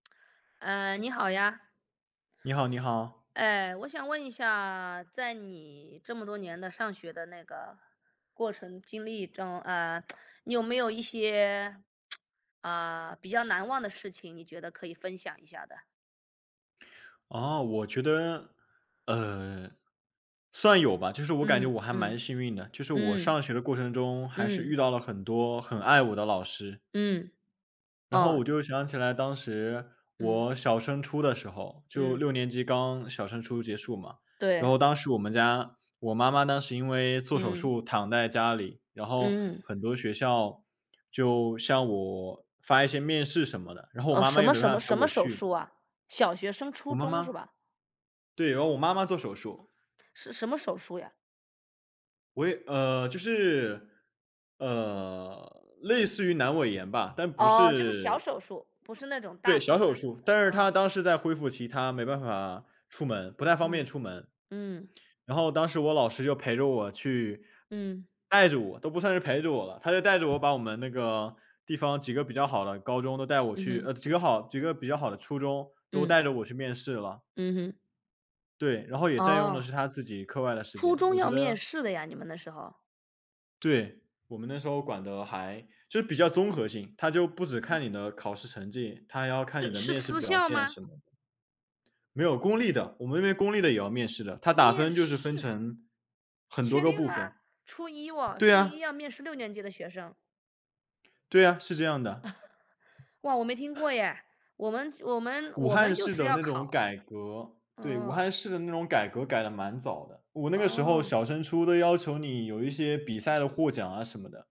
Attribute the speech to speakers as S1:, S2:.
S1: 呃，你好呀。
S2: 你好你好。
S1: 哎，我想问一下，在你这么多年的上学的那个过程经历中，啊，你有没有一些。啊，比较难忘的事情，你觉得可以分享一下的？
S2: 啊，我觉得，呃，算有吧，就是我感觉
S1: 嗯
S2: 我还蛮
S1: 嗯，
S2: 幸运的。就是我
S1: 嗯。
S2: 上学的过程中，还是
S1: 嗯。
S2: 遇到了很多很爱我的老师。
S1: 嗯。
S2: 然后
S1: 哦。
S2: 我就想起来当时，
S1: 嗯。
S2: 我小升初的时候。就
S1: 嗯。
S2: 6年级刚小升初结束嘛。然
S1: 对。
S2: 后当时我们家，我妈妈当时因为做手
S1: 嗯。
S2: 术躺在家里。然后
S1: 嗯。
S2: 很多学校就向我发一些面试什么的，然后我
S1: 哦，
S2: 妈
S1: 什
S2: 妈又
S1: 么
S2: 没
S1: 什
S2: 办
S1: 么
S2: 法陪
S1: 什么
S2: 我
S1: 手
S2: 去。
S1: 术啊？小学升初
S2: 我妈
S1: 中是
S2: 妈
S1: 吧？
S2: 对，然后我妈妈做手术。
S1: 是什么手术呀？
S2: 我也呃，就是呃，类似于阑尾炎吧，但不
S1: 哦，就是小
S2: 是
S1: 手术，不是那种大
S2: 对，小
S1: 病
S2: 手
S1: 啊什么
S2: 术。
S1: 的
S2: 但是她
S1: 啊。
S2: 当时在恢复期，她没办法出门，不太方便
S1: 嗯，
S2: 出门。
S1: 嗯。
S2: 然后当时我老师就陪着我去。
S1: 嗯。
S2: 带着我都不算是陪着我了。他就带着我把我们那个地方几个比较好的高中，都带我
S1: 嗯
S2: 去
S1: 哼。
S2: 呃，几个好几个比较好的初中，都
S1: 嗯。
S2: 带着我去面试了。
S1: 嗯哼。
S2: 对，然后也占用的
S1: 哦。
S2: 是他自己课外的时
S1: 初
S2: 间，
S1: 中
S2: 我觉
S1: 要面
S2: 得
S1: 试的呀？你们那时候。
S2: 对，我们那时候管的还就比较综合性。它就不止看你的考试成绩，它还要看你
S1: 是
S2: 的
S1: 是
S2: 面试
S1: 私
S2: 表
S1: 校
S2: 现
S1: 吗？
S2: 什么的。没有，公立的，我们那边公立的也要面试的，它打
S1: 面
S2: 分就是
S1: 试？
S2: 分成很多
S1: 确
S2: 个
S1: 定
S2: 部
S1: 吗？
S2: 分。
S1: 初一哦，
S2: 对
S1: 初
S2: 啊。
S1: 一要面试六年级的学生。
S2: 对啊，是这样的。
S1: 哇，我没听过耶，我们我们
S2: 武
S1: 我们
S2: 汉
S1: 就
S2: 市
S1: 是
S2: 的
S1: 要
S2: 那种
S1: 考。
S2: 改革。对，武
S1: 嗯。
S2: 汉市的那种改革改得蛮早的。我那个时候
S1: 哦。
S2: 小升初都要求你有一些比赛的获奖啊什么的。